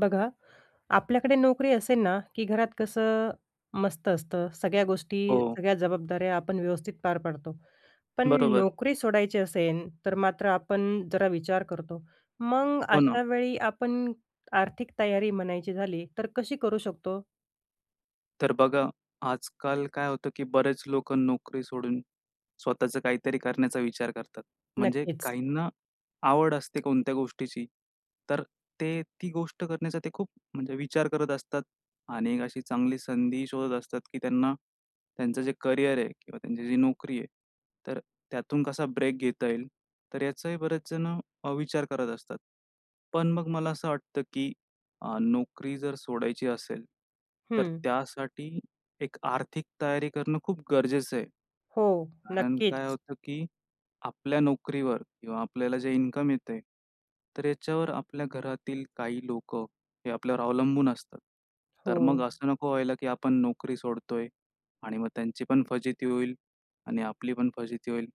बघा, आपल्याकडे नोकरी असेल ना, की घरात कसं मस्त असतं सगळ्या गोष्टी, हो. सगळ्या जबाबदाऱ्या आपण व्यवस्थित पार पाडतो. पण बरोबर. नोकरी सोडायची असेल, तर मात्र आपण जरा विचार करतो. मग हो ना. अशावेळी आपण आर्थिक तयारी म्हणायची झाली, तर कशी करू शकतो? तर बघा, आज-काल काय होतं की बरेच लोकं नोकरी सोडून स्वतःचं काहीतरी करण्याचा विचार करतात. म्हणजे नक्कीच. काहींना आवड असते कोणत्या गोष्टीची, तर ते ती गोष्ट करण्याचा ते खूप म्हणजे विचार करत असतात आणि अशी चांगली संधी शोधत असतात, की त्यांना त्यांचं जे करियर आहे किंवा त्यांची जी नोकरी आहे तर त्यातून कसा ब्रेक घेता येईल. तर याचाही बरेच जण अ, विचार करत असतात. पण मग मला असं वाटतं की अ, नोकरी जर सोडायची असेल, तर हं. त्यासाठी एक आर्थिक तयारी करणं खूप गरजेचं आहे. हो. कारण काय नक्कीच होतं की आपल्या नोकरीवर किंवा आपल्याला जे इन्कम येत आहे, तर याच्यावर आपल्या घरातील काही लोकं हे आपल्यावर अवलंबून असतात. तर मग हो. असं नको व्हायला की आपण नोकरी सोडतो आहे आणि मग त्यांची पण फजिती होईल आणि आपली पण फजिती होईल,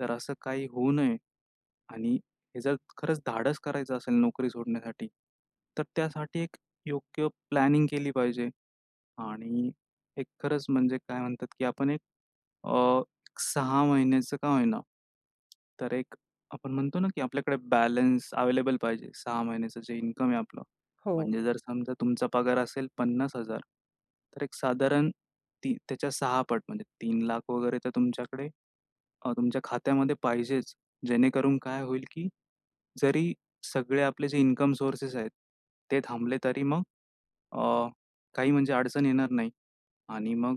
तर असं काही होऊ नये. आणि हे जर खरंच धाडस करायचं असेल नोकरी सोडण्यासाठी, तर त्यासाठी एक योग्य प्लॅनिंग केली पाहिजे. आणि एक खरंच म्हणजे काय म्हणतात, की आपण एक अ, 6 महिन्याचं का होईना तर एक आपण म्हणतो ना, की आपल्याकडे बॅलन्स अवेलेबल पाहिजे, 6 महिन्याचं जे इन्कम आहे आपलं. हो. म्हणजे जर समजा तुमचा पगार असेल 50 हजार तर एक साधारण ती त्याच्या 6 पट म्हणजे 3 लाख वगैरे तर तुमच्याकडे अ, तुमच्या खात्यामध्ये पाहिजेच. जेणेकरून काय होईल, की जरी सगळे आपले जे इन्कम सोर्सेस आहेत, ते थांबले तरी मग अ, काही म्हणजे अडचण येणार नाही. आणि मग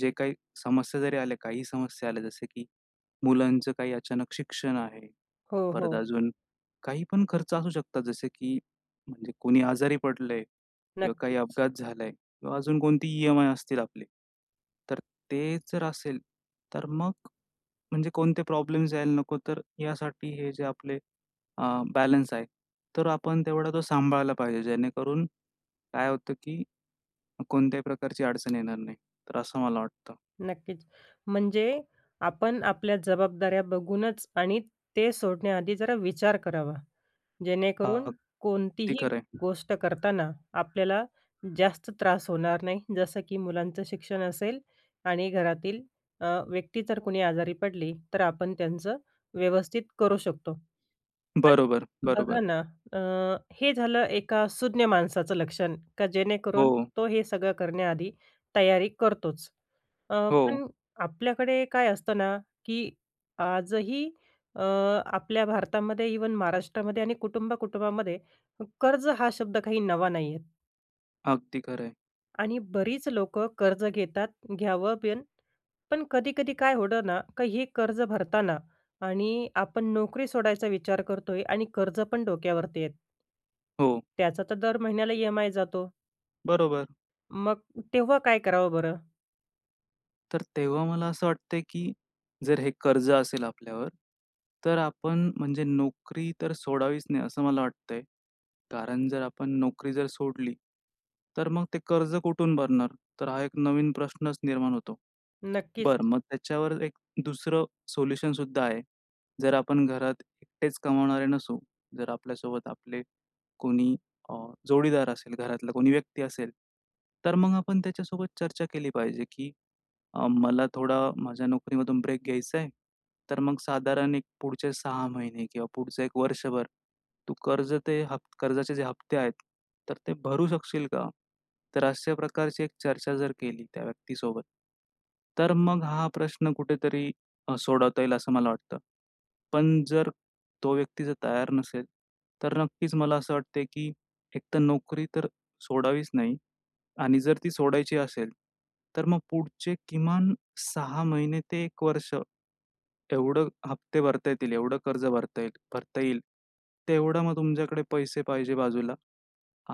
जे काही समस्या जरी आल्या, काही समस्या आल्या, जसे की मुलांचं काही अचानक शिक्षण आहे. हो, परत हो. अजून काहीपण खर्च असू शकतो, जसं की म्हणजे कोणी आजारी पडलं आहे किंवा काही नक्कीच. अपघात झाला आहे किंवा अजून कोणतीही ई-एम-आय असतील. आपली तर ते जर असेल, तर मग म्हणजे कोणते प्रॉब्लेम यायला नको, तर यासाठी हे जे आपले अ, बॅलन्स आहे. तर आपण तेवढा तो सांभाळला पाहिजे, जेणेकरून काय होतं की कोणत्याही प्रकारची अडचण येणार नाही, तर असं मला वाटतं. नक्कीच. म्हणजे आपण आपल्या जबाबदाऱ्या बघूनच आणि ते सोडण्याआधी जरा विचार करावा, जेणेकरून अगदी कोणतीही खरं आहे. गोष्ट करताना आपल्याला जास्त त्रास होणार नाही. जसं की मुलांचं शिक्षण असेल आणि घरातील अ, व्यक्ती जर कुणी आजारी पडली, तर आपण त्यांचं व्यवस्थित करू शकतो. [unintelligible] बरोबर, बरोबर. बघा ना, अ, हे झालं एका सुज्ञ माणसाचं लक्षण, का जेणेकरून हो. तो हे सगळं करण्याआधी तयारी करतोच. अ, हो. पण आपल्याकडे काय असतं ना, की आजही अ, आपल्या भारतामध्ये, इव्हन महाराष्ट्रामध्ये आणि कुटुंब-कुटुंबामध्ये, कर्ज हा शब्द काही नवा नाही आहे. अगदी खरं, आहे. आणि बरीच लोकं कर्ज घेतात, घ्यावं पण, पण कधी-कधी काय होतं ना, की हे कर्ज भरताना आणि आपण नोकरी सोडायचा विचार करतोय, आणि कर्ज पण डोक्यावरती येतं. हो. त्याचा तर दर महिन्याला ई-एम-आय जातो. बरोबर. मग तेव्हा काय करावं बरं? तर तेव्हा मला असं वाटतंय, की जर हे कर्ज असेल आपल्यावर तर आपण म्हणजे नोकरी तर सोडावीच नाही, असं मला वाटतंय. कारण जर आपण नोकरी जर सोडली, तर मग ते कर्ज कुठून भरणार? तर हां, एक नवीन प्रश्नच निर्माण होतो. नक्कीच. बरं, मग त्याच्यावर एक 2रं सोल्युशन सुद्धा आहे. जर आपण घरात एकटेच कमावणारे नसू, जर आपल्यासोबत आपले कोणी अ, जोडीदार असेल, घरातला कोणी व्यक्ती असेल, तर मग आपण त्याच्यासोबत चर्चा केली पाहिजे, की "अ, मला थोडा माझ्या नोकरीमधून ब्रेक घ्यायचा आहे, तर मग साधारण एक पुढचे 6 महिने किंवा पुढचं 1 वर्षभर तू कर्ज ते ह कर्जाचे जे हप्ते आहेत, तर ते भरू शकशील का?" तर अशा प्रकारची एक चर्चा जर केली त्या व्यक्तीसोबत, तर मग हां, प्रश्न कुठेतरी सोडवता येईल, असं मला वाटतं. पण जर तो व्यक्ती जर तयार नसेल, तर नक्कीच मला असं वाटतंय, की एकतर नोकरी तर सोडावीच नाही. आणि जर ती सोडायची असेल, तर मग पुढचे किमान 6 ते 1 वर्ष, एवढं हप्ते भरता येतील, एवढं कर्ज भरता येईल भरता येईल तेवढं मग तुमच्याकडे पैसे पाहिजे बाजूला.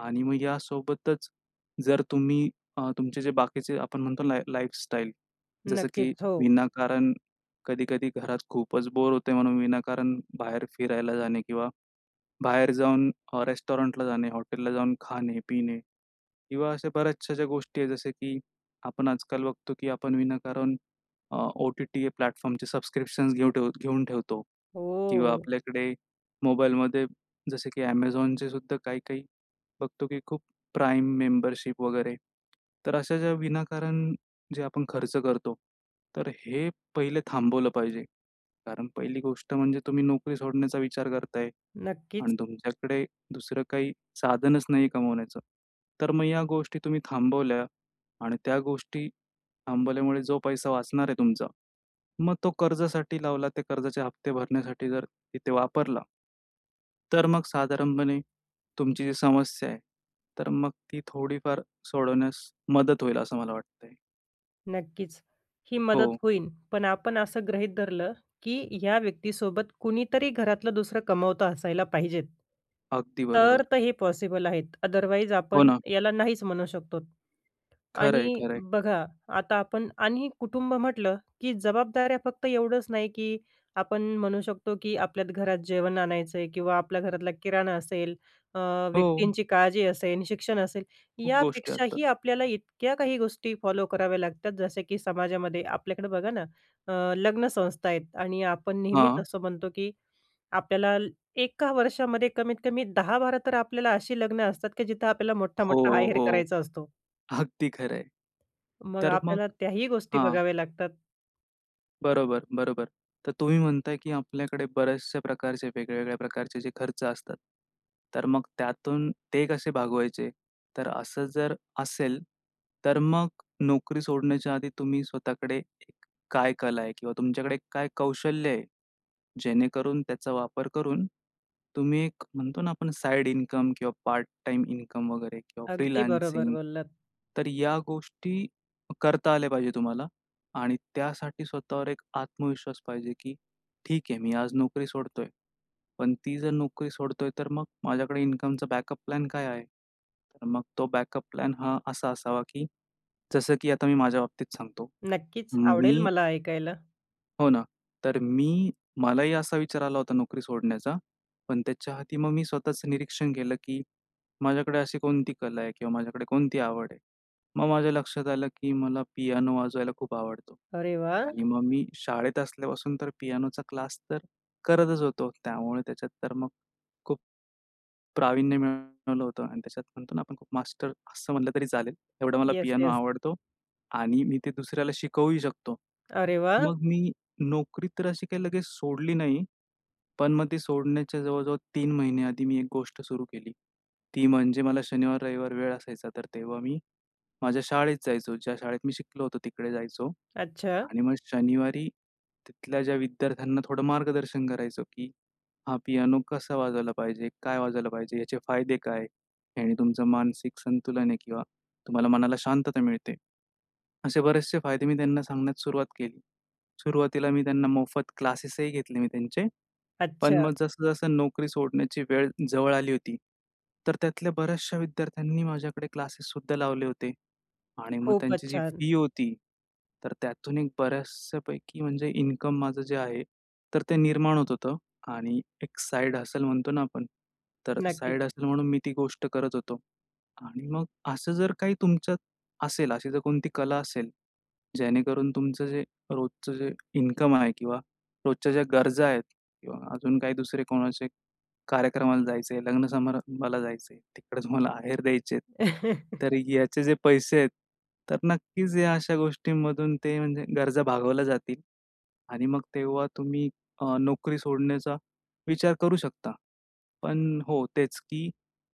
आणि मग यासोबतच, जर तुम्ही अ, तुमचे जे बाकीचे, आपण म्हणतो लाईफ, लाईफस्टाईल, जसं की नक्कीच, हो. विनाकारण कधी-कधी घरात खूपच बोर होते, म्हणून विनाकारण बाहेर फिरायला जाणे किंवा बाहेर जाऊन अ, रेस्टॉरंटला जाणे, हॉटेलला जाऊन खाणे-पिणे किंवा अशा बऱ्याचशा अशा गोष्टी आहेत. जसे की आपण आजकाल बघतो, की आपण विनाकारण अ, ओ-टी-टी प्लॅटफॉर्मचे सबस्क्रिप्शन्स घेऊन ठेवतो घेऊन ठेवतो किंवा हो. आपल्याकडे मोबाईलमध्ये, जसं की Amazonचे सुद्धा काही-काही बघतो, की खूप प्राइम मेंबरशिप वगैरे. तर अशा ज्या विनाकारण जे आपण खर्च करतो, तर हे पहिले थांबवलं पाहिजे. कारण पहिली गोष्ट म्हणजे तुम्ही नोकरी सोडण्याचा विचार करताय नक्कीच. आणि तुमच्याकडे दुसरं काही साधनच नाही कमवण्याचं. तर मग या गोष्टी तुम्ही थांबवल्या आणि त्या गोष्टी थांबवल्यामुळे जो पैसा वाचणार आहे तुमचा, मग तो कर्जासाठी लावला, त्या कर्जाचे हप्ते भरण्यासाठी जर तिथे वापरला तर मग साधारणपणे तुमची जी समस्या आहे, तर मग ती थोडीफार सोडवण्यास मदत होईल, असं मला वाटतंय. नक्कीच, ही मदत हो. होईल; पण आपण असं गृहीत धरलं, की ह्या व्यक्तीसोबत कुणीतरी घरातलं दुसरं कमावतं असायला पाहिजेत, अगदी तर बरोबर. तर हे पॉसिबल आहे. आदरवाईज हो आपण ना. याला नाहीच म्हणू शकतो. खरंय, आणि खरंय. बघा, आता आपण आणि कुटुंब म्हटलं, की जबाबदाऱ्या फक्त एवढंच नाही, की आपण म्हणू शकतो, की आपल्या घरात जेवण आणायचं आहे किंवा आपल्या घरातला किराणा असेल, अ, हो. व्यक्तींची काळजी असेल, शिक्षण असेल खूप गोष्टी असतात. यापेक्षाही आपल्याला इतक्या काही गोष्टी फॉलो कराव्या लागतात जसे की समाजामध्ये आपल्याकडं बघा ना अ, लग्न संस्था आहेत आणि आपण नेहमीच हां. असं म्हणतो, की आपल्याला एका वर्षामध्ये कमीतकमी 10-12 तर आपल्याला अशी लग्नं असतात, की जिथं आपल्याला हो, मोठ्ठा-मोठ्ठा आहेर हो. करायचा असतो. अगदी खरं आहे. मग तर मग आपल्याला त्याही गोष्टी हां. बघाव्या लागतात. बरोबर, बरोबर. तर तुम्ही म्हणताय, की आपल्याकडे बऱ्याचशा प्रकारचे वेगवेगळ्या प्रकारचे जे खर्च असतात, तर मग त्यातून ते कसे भागवायचे? तर असं जर असेल तर मग नोकरी सोडण्याच्या आधी तुम्ही स्वतःकडे एक काय कला आहे किंवा तुमच्याकडे काय कौशल्य आहे? जेणेकरून त्याचा वापर करून तुम्ही एक म्हणतो ना, आपण साइड इन्कम किंवा पार्ट टाईम इन्कम वगैरे किंवा अगदी बरोबर फ्रीलान्सिंग, बोललात. तर या गोष्टी करता आल्या पाहिजे तुम्हाला. आणि त्यासाठी स्वतःवर एक आत्मविश्वास पाहिजे, की ठीक आहे मी आज नोकरी सोडतोय, पण ती जर नोकरी सोडतोय तर मग माझ्याकडे इन्कमचा बॅकअप प्लॅन काय आहे? तर मग तो बॅकअप प्लॅन हा असा असावा, की जसं की आता मी माझ्या बाबतीत सांगतो. नक्कीच, म आवडेल मी मला ऐकायला. हो ना. तर मी मलाही असा विचार आला होता नोकरी सोडण्याचा, पण त्याच्या आधी मग मी स्वतःचं निरीक्षण केलं, की माझ्याकडे अशी कोणती कला आहे? किंवा माझ्याकडे कोणती आवड आहे? मग, माझ्या लक्षात आलं, की मला पियानो वाजवायला खूप आवडतो अरे वाह! आणि मग, मी शाळेत असल्यापासून तर पियानोचा क्लास तर करतचं होतो. त्यामुळे त्याच्यात तर मग, खूप, प्रावीण्य मिळवलं होतं आणि त्याच्यात म्हणतो ना, आपण खूप मास्टर असं म्हटलं, तरी चालेल. एवढा मला येस, पियानो येस. आवडतो आणि मी ते दुसऱ्याला शिकवूही शकतो. अरे वाह! मग, मी नोकरी तर अशी काही लगेच सोडली नाही. पण मग ती सोडण्याच्या जवळजवळ 3 महिने आधी, मी एक गोष्ट सुरू केली, ती म्हणजे मला शनिवार, रविवार वेळ असायचा, तर तेव्हा मी माझ्या शाळेत जायचो. ज्या शाळेत, मी शिकलो होतो तिकडे जायचो अच्छा. आणि मग शनिवारी, तिथल्या, ज्या विद्यार्थ्यांना थोडं मार्गदर्शन करायचो, की हा पियानो कसा वाजवायला पाहिजे, काय वाजवायला पाहिजे, याचे फायदे काय? आणि तुमचं, मानसिक संतुलन आहे किंवा तुम्हाला मनाला शांतता मिळते, असे बरेचसे फायदे, मी त्यांना सांगण्यास सुरुवात केली. सुरुवातीला मी त्यांना मोफत क्लासेसही घेतले मी त्यांचे. पण अच्छा. मग, जसं, जसं नोकरी सोडण्याची वेळ जवळ आली होती, तर त्यातल्या बऱ्याचशा विद्यार्थ्यांनी माझ्याकडे क्लासेससुद्धा लावले होते. आणि मग खूपच त्यांची जी छान. फी होती, तर त्यातून एक बऱ्याचशापैकी म्हणजे इन्कम माझं जे आहे, तर ते निर्माण होत होतं. आणि एक साइड हसल म्हणतो ना आपण, तर नक्की. साइड हसल म्हणून, मी ती गोष्ट करत होतो. आणि मग असं, जर काही तुमच्यात असेल, अशी जर कोणती कला असेल, जेणेकरून तुमचं जे रोजचं जे इन्कम आहे किंवा रोजच्या, ज्या गरजा आहेत किंवा अजून काही दुसरे, कोणाचे कार्यक्रमाला जायचे आहे, लग्न समारंभाला जायचं आहे, तिकडेच मला आहेर द्यायचे आहेत. तर याचे जे पैसे आहेत, तर नक्कीच या अशा गोष्टींमधून, ते म्हणजे गरजा भागवल्या जातील. आणि मग, तेव्हा तुम्ही अ, नोकरी सोडण्याचा विचार करू शकता. पण हो, तेच, की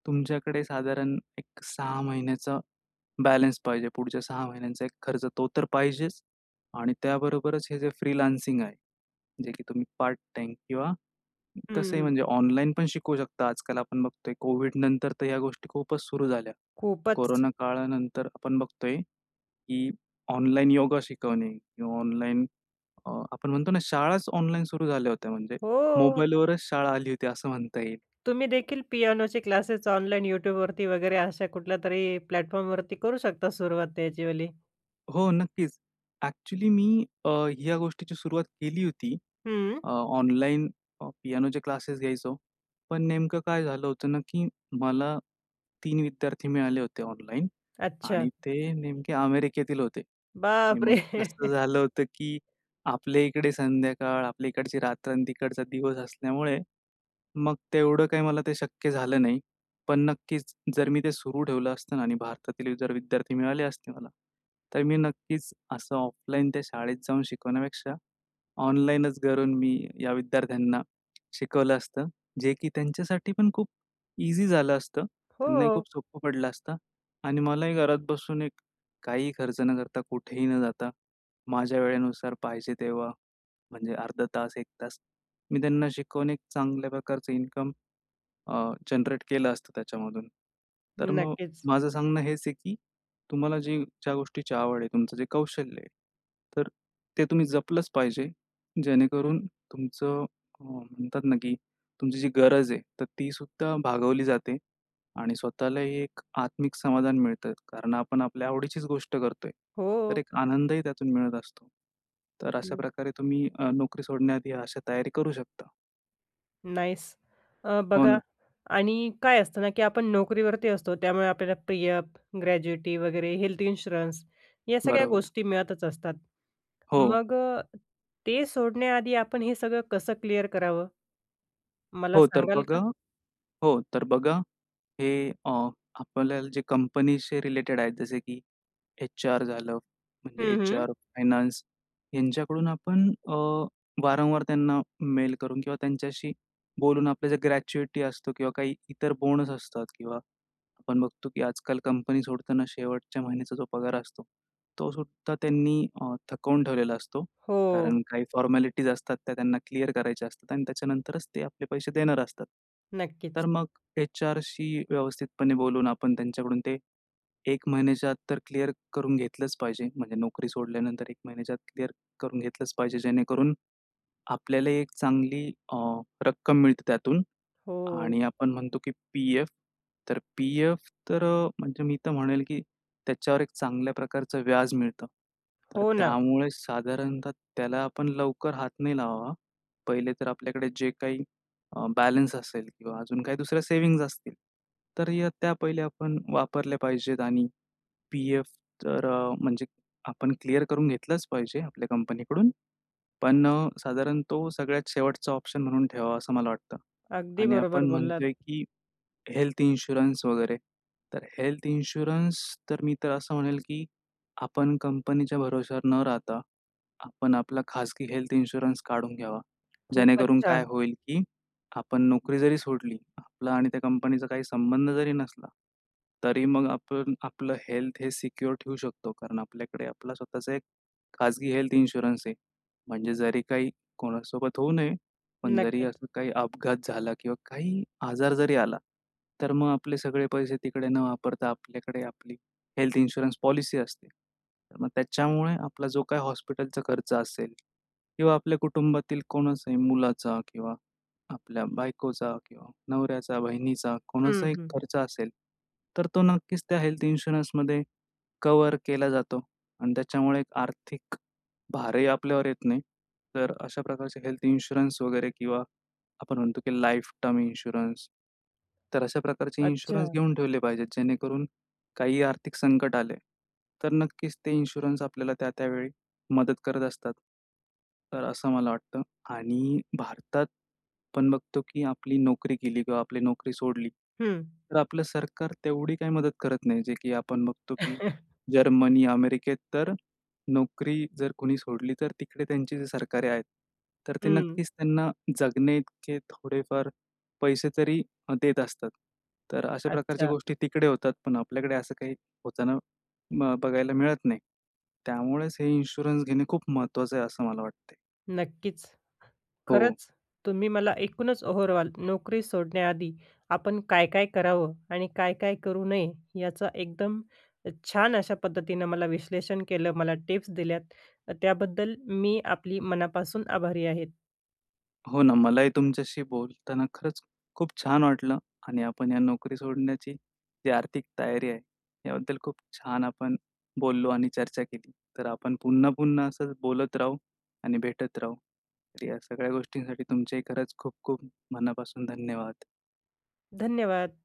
तुमच्याकडे साधारण एक 6 महिन्याचा बॅलन्स पाहिजे. पुढच्या 6 महिन्यांचा एक खर्च, तो तर पाहिजेच आणि त्याबरोबरच हे जे फ्रीलान्सिंग आहे. जे की तुम्ही पार्ट-टाईम किंवा हं, तसंही हं. म्हणजे ऑनलाईन पण शिकवू शकता. आजकाल आपण बघतोय, कोविडनंतर तर, ह्या गोष्टी खूपच सुरू झाल्या, खूपचं. कोरोना काळानंतर आपण बघतोय, की ऑनलाइन योगा शिकवणे किंवा ऑनलाईन अ, आपण म्हणतो ना, शाळाच ऑनलाईन सुरू झाल्या होत्या, म्हणजे हो. मोबाईलवरच शाळा आली होती, असं म्हणता येईल. तुम्ही देखील, पियानोचे क्लासेस ऑनलाइन YouTube वरती वगैरे, अशा कुठल्यातरी प्लॅटफॉर्मवरती, करू शकता सुरुवात त्याचीवाली. हो नक्कीच. ॲक्चुअली मी अ, ह्या गोष्टीची सुरुवात केली होती. हं. अ, ऑनलाईन अ, पियानोचे क्लासेस घ्यायचो. पण नेमकं काय झालं होतं ना की मला 3 विद्यार्थी मिळाले होते ऑनलाईन आणि अच्छा. ते नेमके अमेरिकेतील होते. आणि बाप रे! मग कसं झालं होतं की आपल्या इकडे संध्याकाळ, आपल्या इकडची रात्र आणि तिकडचा दिवस असल्यामुळे, मग तेवढं काही मला ते शक्य झालं नाही. पण नक्कीच जर मी ते सुरू ठेवलं असतं ना आणि भारतातील जर विद्यार्थी मिळाले असते मला, तर मी नक्कीच असं ऑफलाईन त्या शाळेत जाऊन शिकवण्यापेक्षा, ऑनलाईनच घरून मी या विद्यार्थ्यांना शिकवलं असतं. जे की त्यांच्यासाठीपण खूप इझी झालं असतं. त्यांनाही हो. खूप सोपं पडलं असतं. आणि मलाही घरात बसून एक काहीही खर्च न करता, कुठेही न जाता माझ्या वेळेनुसार पाहिजे तेव्हा, म्हणजे अर्धातास 1 तास मी त्यांना शिकवून एक चांगल्या प्रकारचं इन्कम अ, जनरेट केलं असतं त्याच्यामधून. तर मग नक्कीच. माझं सांगणं हेच आहे की तुम्हाला जे ज्या गोष्टीची आवड आहे, तुमचं जे कौशल्य आहे, तर ते तुम्ही जपलंच पाहिजे. जेणेकरून तुमचं अ, म्हणतात ना की तुमची जी गरज आहे तर ती सुद्धा भागवली जाते आणि स्वतःलाही एक आत्मिक समाधान मिळतं. कारण आपण आपल्या आवडीचीच गोष्ट करतोय. तर हो. एक आनंदही त्यातून मिळत असतो. तर हं. अशाप्रकारे तुम्ही अ, नोकरी सोडण्याआधी अशा तयारी करू शकता. नाईस! अ, हो बघा ना. आणि काय असतं ना की आपण नोकरीवरती असतो. त्यामुळे आपल्याला पी-एफ, ग्रॅज्युएटी वगैरे हेल्थ इन्शुरन्स या सगळ्या बरोबर. गोष्टी मिळतच असतात. हो. मग अ, ते सोडण्याआधी आपण हे सगळं कसं क्लिअर करावं, मला हो तर सांगाल बघा का? हो तर बघा, हे अ, आपल्याला जे कंपनीशी रिलेटेड आहेत जसे की एच-आर झालं, म्हणजे हं, हं. एच-आर फायनान्स ह्यांच्याकडून आपण अ, वारंवार त्यांना मेल करून किंवा त्यांच्याशी बोलून आपल्या जे ग्रॅच्युएटी असतो किंवा काही इतर बोनस असतात किंवा आपण बघतो की आजकाल कंपनी सोडताना शेवटच्या महिन्याचा जो पगार असतो, तो सुद्धा त्यांनी अ, थकवून ठेवलेला असतो. हो. कारण काही फॉर्मॅलिटीज असतात. त्या त्यांना क्लिअर करायच्या असतात आणि त्याच्यानंतरच ते आपले पैसे देणार असतात. नक्कीच. तर मग एच-आरशी व्यवस्थितपणे बोलून आपण त्यांच्याकडून ते 1 महिन्याच्या आत तर क्लिअर करून घेतलंच पाहिजे, म्हणजे नोकरी सोडल्यानंतर 1 महिन्याच्या आत क्लिअर करून घेतलंच पाहिजे. जेणेकरून आपल्याला 1 चांगली अ, रक्कम मिळते त्यातून हो. आणि आपण म्हणतो की पी-एफ तर पी-एफ तर अ, म्हणजे मी तर म्हणेल की त्याच्यावर 1 चांगल्या प्रकारचं व्याज मिळतं. तर हो ना. त्यामुळे साधारणतः त्याला आपण लवकर हात नाही लावावा. 1ले तर आपल्याकडे जे काही अ, बॅलन्स असेल किंवा अजून काही 2ऱ्या सेव्हिंग्ज असतील, तर या त्या पहिल्या आपण वापरल्या पाहिजेत. आणि पी-एफ तर अ, म्हणजे आपण क्लिअर करून घेतलंच पाहिजे आपल्या कंपनीकडून. पण साधारण तो सगळ्यात शेवटचा ऑप्शन म्हणून ठेवावा, असं मला वाटतं. अगदी आणि बरोबर आपण बोललात. म्हणतोय की हेल्थ इन्शुरन्स वगैरे तर हेल्थ इन्शुरन्स तर मी तर असं म्हणेल की आपण कंपनीच्या भरवशावर न राहता, आपण आपला खाजगी हेल्थ इन्शुरन्स काढून घ्यावा, खूपच जेणेकरून काय छान! होईल की आपण नोकरी जरी सोडली, आपला आणि त्या कंपनीचा काही संबंध जरी नसला, तरी मग आपण आपलं हेल्थ हे सिक्योर ठेवू शकतो. कारण आपल्याकडे आपला स्वतःचा एक खाजगी हेल्थ इन्शुरन्स आहे. म्हणजे जरी काही कोणासोबत होऊ नये, पण जरी नक्कीच. असं काही अपघात झाला किंवा काही आजार जरी आला, तर मग आपले सगळे पैसे तिकडे न वापरता आपल्याकडे आपली हेल्थ इन्शुरन्स पॉलिसी असते, तर मग त्याच्यामुळे आपला जो काही हॉस्पिटलचा खर्च असेल किंवा आपल्या कुटुंबातील कोणाचाही मुलाचा किंवा आपल्या बायकोचा किंवा नवऱ्याचा, बहिणीचा हं, कोणाचाही हं. खर्च असेल, तर तो नक्कीच त्या हेल्थ इन्शुरन्समध्ये कव्हर केला जातो आणि त्याच्यामुळे एक आर्थिक भारही आपल्यावर येत नाही. तर अशा प्रकारच्या हेल्थ इन्शुरन्स वगैरे किंवा आपण म्हणतो की लाइफ टर्म इन्शुरन्स तर अशा प्रकारचे इन्शुरन्स अच्छा. घेऊन ठेवले पाहिजेत. जेणेकरून काही आर्थिक संकट आले, तर नक्कीच ते इन्शुरन्स आपल्याला त्या-त्या वेळी मदत करत असतात, तर असं मला वाटतं. आणि भारतात पण बघतो की आपली नोकरी गेली किंवा आपली नोकरी सोडली, हं. तर आपलं सरकार तेवढी काही मदत करत नाही. जे की आपण बघतो की जर्मनी, अमेरिकेत तर नोकरी जर कोणी सोडली, तर तिकडे त्यांची जे सरकारे आहेत, तर ते हं. नक्कीच त्यांना जगण्याइतके थोडेफार पैसे तरी अ, देत असतात. तर अशा प्रकारच्या अच्छा. गोष्टी तिकडे होतात, पण आपल्याकडे असं काही होताना म बघायला मिळत नाही. त्यामुळेच हे इन्शुरन्स घेणे खूप महत्त्वाचं आहे, असं मला वाटतयं. नक्कीच. हो. खरंच तुम्ही मला एकूणच ओव्हरऑल नोकरी सोडण्याआधी आपण काय-काय करावं? आणि काय-काय करू नये? याचं एकदम अ, छान अशा पद्धतीनं मला विश्लेषण केलं, मला टिप्स दिल्यात, तर त्याबद्दल मी आपली मनापासून आभारी आहे. हो ना मलाही तुमच्याशी बोलताना खरंच खूप छान वाटलं आणि आपण या नोकरी सोडण्याची जी आर्थिक तयारी आहे याबद्दल खूप छान आपण बोललो आणि चर्चा केली. तर आपण पुन्हा-पुन्हा असंच बोलत राहू आणि भेटत राहू. तर या सगळ्या गोष्टींसाठी तुमचेही खरंच खूप-खूप मनापासून धन्यवाद! धन्यवाद!